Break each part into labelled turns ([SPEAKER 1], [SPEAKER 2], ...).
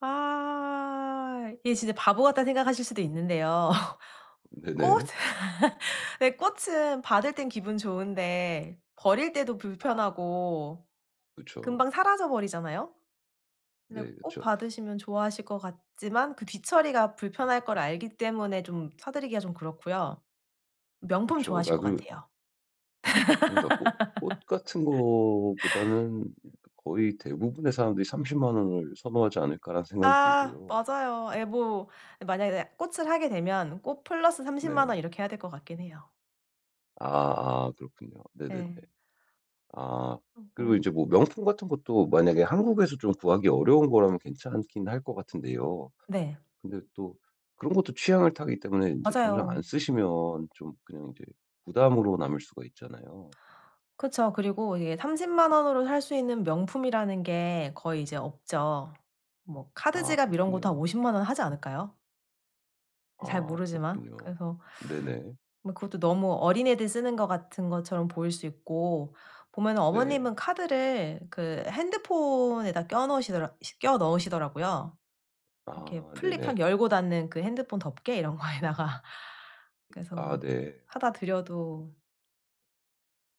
[SPEAKER 1] 아 이게 진짜 바보 같다고 생각하실 수도 있는데요. 꽃
[SPEAKER 2] 네네.
[SPEAKER 1] 근데 꽃은 받을 땐 기분 좋은데 버릴 때도
[SPEAKER 2] 아
[SPEAKER 1] 불편하고
[SPEAKER 2] 그쵸.
[SPEAKER 1] 금방 사라져 버리잖아요. 근데
[SPEAKER 2] 네
[SPEAKER 1] 꽃
[SPEAKER 2] 그쵸.
[SPEAKER 1] 받으시면 좋아하실 것 같지만 그 뒤처리가 불편할 걸 알기 때문에 좀 사드리기가 좀 그렇고요. 명품
[SPEAKER 2] 그쵸.
[SPEAKER 1] 좋아하실
[SPEAKER 2] 아
[SPEAKER 1] 것
[SPEAKER 2] 그
[SPEAKER 1] 같아요.
[SPEAKER 2] 그니까 '꽃 꽃 같은 거보다는 거의 대부분의 사람들이 300,000 원을 선호하지 않을까?'라는 생각이
[SPEAKER 1] 아
[SPEAKER 2] 들고요.
[SPEAKER 1] 맞아요. 에 뭐 만약에 꽃을 하게 되면 꽃 플러스 300,000
[SPEAKER 2] 네.
[SPEAKER 1] 원 이렇게 해야 될 것 같긴 해요.
[SPEAKER 2] 아아 그렇군요. 네네네.
[SPEAKER 1] 예.
[SPEAKER 2] 아
[SPEAKER 1] 어
[SPEAKER 2] 그리고
[SPEAKER 1] 뭐.
[SPEAKER 2] 이제 뭐 명품 같은 것도 만약에 한국에서 좀 구하기 어려운 거라면 괜찮긴 할 것 같은데요.
[SPEAKER 1] 네.
[SPEAKER 2] 근데 또 그런 것도 취향을 타기 때문에 인제 정작 안
[SPEAKER 1] 맞아요.
[SPEAKER 2] 쓰시면 좀 그냥 이제 부담으로 남을 수가 있잖아요.
[SPEAKER 1] 그쵸. 그리고 이게 300,000 원으로 살 수 있는 명품이라는 게 거의 이제 없죠. 뭐
[SPEAKER 2] 아
[SPEAKER 1] 카드지갑 이런 것도 한
[SPEAKER 2] 그렇군요.
[SPEAKER 1] 500,000 원 하지 않을까요? 잘
[SPEAKER 2] 아
[SPEAKER 1] 모르지만
[SPEAKER 2] 그렇군요.
[SPEAKER 1] 그래서
[SPEAKER 2] 네네.
[SPEAKER 1] 뭐 그것도 너무 어린애들 쓰는 것 같은 것처럼 보일 수 있고 보면 어머님은
[SPEAKER 2] 네.
[SPEAKER 1] 카드를 그 핸드폰에다 껴 넣으시더라 껴 넣으시더라고요. 이렇게
[SPEAKER 2] 아
[SPEAKER 1] 플립 확
[SPEAKER 2] 네네.
[SPEAKER 1] 열고 닫는 그 핸드폰 덮개 이런 거에다가.
[SPEAKER 2] 아
[SPEAKER 1] 그래서
[SPEAKER 2] 네.
[SPEAKER 1] 사다 드려도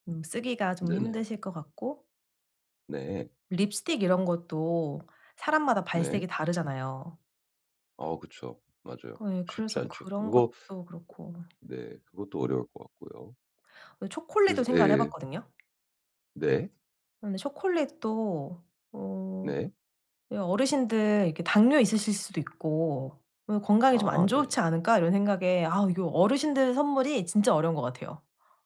[SPEAKER 1] 음 쓰기가 좀
[SPEAKER 2] 네.
[SPEAKER 1] 힘드실 것 같고
[SPEAKER 2] 네.
[SPEAKER 1] 립스틱 이런 것도 사람마다
[SPEAKER 2] 네.
[SPEAKER 1] 발색이 다르잖아요.
[SPEAKER 2] 어 그쵸. 맞아요.
[SPEAKER 1] 예.
[SPEAKER 2] 쉽지
[SPEAKER 1] 그래서
[SPEAKER 2] 않죠.
[SPEAKER 1] 그런
[SPEAKER 2] 그거
[SPEAKER 1] 것도 그렇고.
[SPEAKER 2] 네 그것도 어려울 것 같고요.
[SPEAKER 1] 그 초콜릿도
[SPEAKER 2] 그래서
[SPEAKER 1] 생각을
[SPEAKER 2] 예.
[SPEAKER 1] 해봤거든요.
[SPEAKER 2] 네.
[SPEAKER 1] 그런데 초콜릿도 어
[SPEAKER 2] 네.
[SPEAKER 1] '어르신들 이렇게 당뇨 있으실 수도 있고 그 건강이 좀 안
[SPEAKER 2] 아 네.
[SPEAKER 1] 좋지 않을까?'이런 생각에 아우 이거 어르신들 선물이 진짜 어려운 것 같아요.